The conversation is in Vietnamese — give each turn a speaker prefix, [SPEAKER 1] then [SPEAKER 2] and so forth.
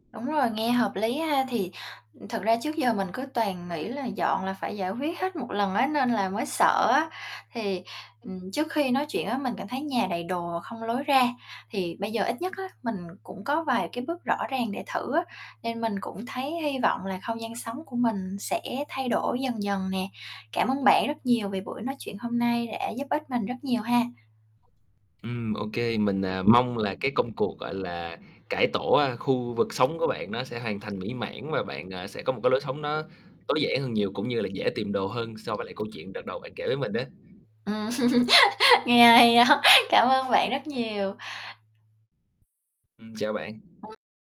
[SPEAKER 1] Đúng rồi, nghe hợp lý ha. Thì thực ra trước giờ mình cứ toàn nghĩ là dọn là phải giải quyết hết một lần á, nên là mới sợ á, thì, ừm,
[SPEAKER 2] [unintelligible]
[SPEAKER 1] trước khi nói chuyện á mình cảm thấy nhà đầy đồ không lối ra, thì bây giờ nhất á, mình cũng có vài cái bước rõ ràng để thử á, nên mình cũng thấy hy vọng là không gian sống của mình sẽ thay đổi dần dần nè. Cảm ơn bạn rất nhiều vì buổi nói chuyện hôm nay đã giúp ích mình rất nhiều ha.
[SPEAKER 2] Ừm, ô kê, mình, à, mong là cái công cuộc, gọi là, cải tổ, a, khu vực sống của bạn nó sẽ hoàn thành mỹ mãn và bạn, à, sẽ có một cái lối sống nó tối giản hơn nhiều, cũng như là dễ tìm đồ hơn so với lại câu chuyện đợt đầu bạn kể với mình á.
[SPEAKER 1] Ừm. Nghe hay đó, cảm ơn bạn rất nhiều.
[SPEAKER 2] Ừm, chào bạn.
[SPEAKER 1] [unintelligible]